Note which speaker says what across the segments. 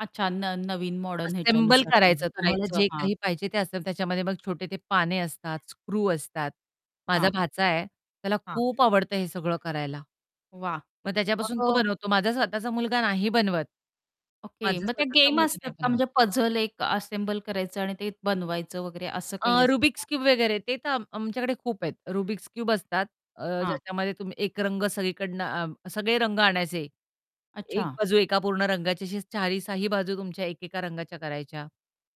Speaker 1: अच्छा न नवीन modern
Speaker 2: assemble
Speaker 1: ह्याच्यानुसार हं, हं
Speaker 2: करायचं तुम्हाला
Speaker 1: करायचं.
Speaker 2: जे
Speaker 1: हां.
Speaker 2: काही पाहिजे ते असेल त्याच्यामध्ये मग छोटे ते पाने असतात, स्क्रू असतात. माझा
Speaker 1: हां.
Speaker 2: भाचा आहे त्याला
Speaker 1: हां.
Speaker 2: खूप आवडतं हे सगळं करायला.
Speaker 1: वाह!
Speaker 2: मग
Speaker 1: मग
Speaker 2: त्याच्यापासून तो
Speaker 1: अ
Speaker 2: बनवतो, माझा स्वतःचा मुलगा नाही बनवत.
Speaker 1: ओके
Speaker 2: माझा
Speaker 1: मग ते
Speaker 2: स्वतःचा
Speaker 1: गेम
Speaker 2: मुलगा
Speaker 1: असतात
Speaker 2: नाही
Speaker 1: का
Speaker 2: बनवत.
Speaker 1: म्हणजे पझल एक असेंबल करायचं आणि ते बनवायचं वगैरे असं काही
Speaker 2: अ,
Speaker 1: असतं
Speaker 2: रुबिक्स
Speaker 1: का?
Speaker 2: क्यूब वगैरे ते तर आम आमच्याकडे खूप आहेत. रुबिक्स क्यूब असतात अ,
Speaker 1: हां.
Speaker 2: ज्याच्यामध्ये तुम्ही एक रंग सगळीकडनं आ, सगळे रंग आणायचे. एक
Speaker 1: अच्छा.
Speaker 2: बाजू एका पूर्ण रंगाच्या 4ही 6ही बाजू तुमच्या एकेका रंगाच्या करायच्या.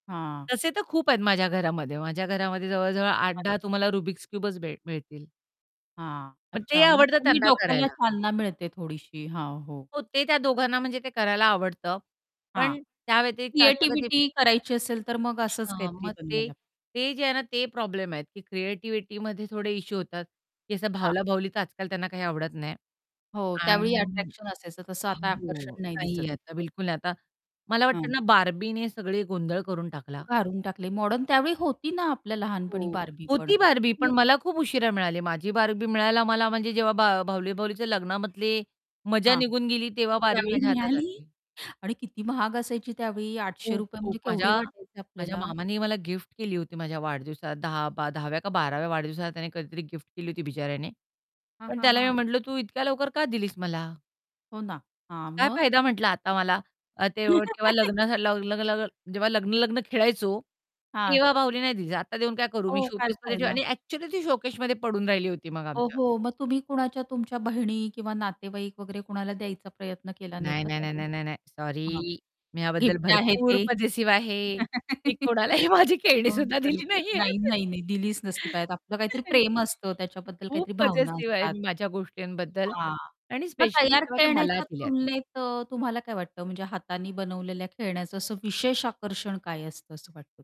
Speaker 1: हां.
Speaker 2: तसे तर खूप आहेत माझ्या घरामध्ये माझ्या घरामध्ये जवळ-जवळ आठ
Speaker 1: अरे
Speaker 2: दहा
Speaker 1: वाह!
Speaker 2: तुम्हाला रुबिक्स क्युबच भेट मिळतील.
Speaker 1: हां.
Speaker 2: मग ते
Speaker 1: अच्छा. मग
Speaker 2: आवडतं
Speaker 1: त्यांनी
Speaker 2: त्यांना
Speaker 1: डोक्याला
Speaker 2: करायला.
Speaker 1: चालना मिळते थोडीशी, हां, हो.
Speaker 2: हो, ते त्या दोघांना म्हणजे ते करायला आवडतं.
Speaker 1: हां.
Speaker 2: पण त्या व्यतिरिक्त असं कधी
Speaker 1: क्रिएटिव्हिटी करायची असेल तर मग असंच
Speaker 2: हां.
Speaker 1: काहीतरी
Speaker 2: मग ते,
Speaker 1: बनवायला
Speaker 2: ते जे आहे ना ते प्रॉब्लेम आहेत की क्रिएटिव्हिटीमध्ये थोडे इश्यू होतात की असं
Speaker 1: हां.
Speaker 2: भावला-भावलीचं आजकाल त्यांना काही आवडत नाही.
Speaker 1: हो, त्यावेळी
Speaker 2: आणि
Speaker 1: अट्रॅक्शन असायचं तसं आता
Speaker 2: हो.
Speaker 1: आकर्षण नाही
Speaker 2: नाहीये
Speaker 1: दिसत
Speaker 2: आता
Speaker 1: इतकं.
Speaker 2: बिलकुल नाही आता मला
Speaker 1: हं.
Speaker 2: वाटतं ना बार्बीने सगळे गोंधळ करून टाकला.
Speaker 1: काढून टाकले मॉडर्न. त्यावेळी होती ना आपल्या लहानपणी
Speaker 2: हो.
Speaker 1: बार्बी पण!
Speaker 2: होती बार्बी, पण
Speaker 1: खूप
Speaker 2: मला खूप उशिरा मिळाली. माझी बार्बी मिळायला मला म्हणजे जेव्हा बाह बाहुली-बाहुलीच्या लग्नामधले मजा
Speaker 1: हां,
Speaker 2: निघून गेली
Speaker 1: त
Speaker 2: तेव्हा बार्बी
Speaker 1: त्यावेळी
Speaker 2: माझ्या हातात
Speaker 1: मिळाली!
Speaker 2: आली.
Speaker 1: आणि किती महाग असायची त्यावेळी. आठशे
Speaker 2: खूप,
Speaker 1: रुपये
Speaker 2: खूप.
Speaker 1: म्हणजे केवढे
Speaker 2: माझ्या
Speaker 1: वाटायचे
Speaker 2: माझ्या
Speaker 1: आपल्याला.
Speaker 2: मामानी मला गिफ्ट केली होती माझ्या वाढदिवसा 10 बा 10व्या का 12व्या वाढदिवसाला त्याने कधीतरी गिफ्ट केली होती बिचाऱ्याने.
Speaker 1: हां,
Speaker 2: पण
Speaker 1: हां,
Speaker 2: त्याला मी
Speaker 1: हां.
Speaker 2: म्हटलं, "तू इतक्या लवकर का दिलीस मला?"
Speaker 1: हो ना, हां.
Speaker 2: काय
Speaker 1: मग?
Speaker 2: फायदा म्हटलं आता मला. अ, ते व तेव्हा लग्न झालं लाव [unintelligible] जेव्हा लग्न-लग्न खेळायचो,
Speaker 1: हां.
Speaker 2: तेव्हा बाहुली नाही दिलीस. आता देऊन काय करू, मी
Speaker 1: हो, काय
Speaker 2: शोकेसमध्ये ठेवू?
Speaker 1: फायदा?
Speaker 2: आणि ॲक्चुअली, ती शोकेसमध्ये पडून राहिली होती मग आमच्या.
Speaker 1: ओहो! मग तुम्ही कोणाच्या तुमच्या बहिणी किंवा नातेवाईक वगैरे कोणाला द्यायचा प्रयत्न केला नाही
Speaker 2: नाही,
Speaker 1: का?
Speaker 2: नाही, नाही,
Speaker 1: [unintelligible]
Speaker 2: नाही, नाही, नाही.
Speaker 1: हां.
Speaker 2: सॉरी मी याबद्दल
Speaker 1: गिफ्ट आहे
Speaker 2: भरपूर
Speaker 1: ते.
Speaker 2: पजेसिव्ह आहे. मी कोणालाही माझी खेळणी
Speaker 1: हां,
Speaker 2: सुद्धा दिली
Speaker 1: बरोबर. नाही,
Speaker 2: नाहीयेत.
Speaker 1: नाही, नाही दिलीच नसती पायात, आपलं काहीतरी प्रेम असतं त्याच्याबद्दल
Speaker 2: खूप
Speaker 1: काहीतरी भावना
Speaker 2: पजेसिव्ह आहे
Speaker 1: असतात.
Speaker 2: मी माझ्या गोष्टींबद्दल
Speaker 1: हां,
Speaker 2: आणि
Speaker 1: मग
Speaker 2: स्पेशली
Speaker 1: तयार
Speaker 2: जेव्हा मला
Speaker 1: खेळण्याच्या
Speaker 2: दिल्यात.
Speaker 1: तुलनेत अ, तुम्हाला काय वाटतं म्हणजे हाताने बनवलेल्या खेळण्याचं असं विशेष आकर्षण काय असतं असं वाटतं?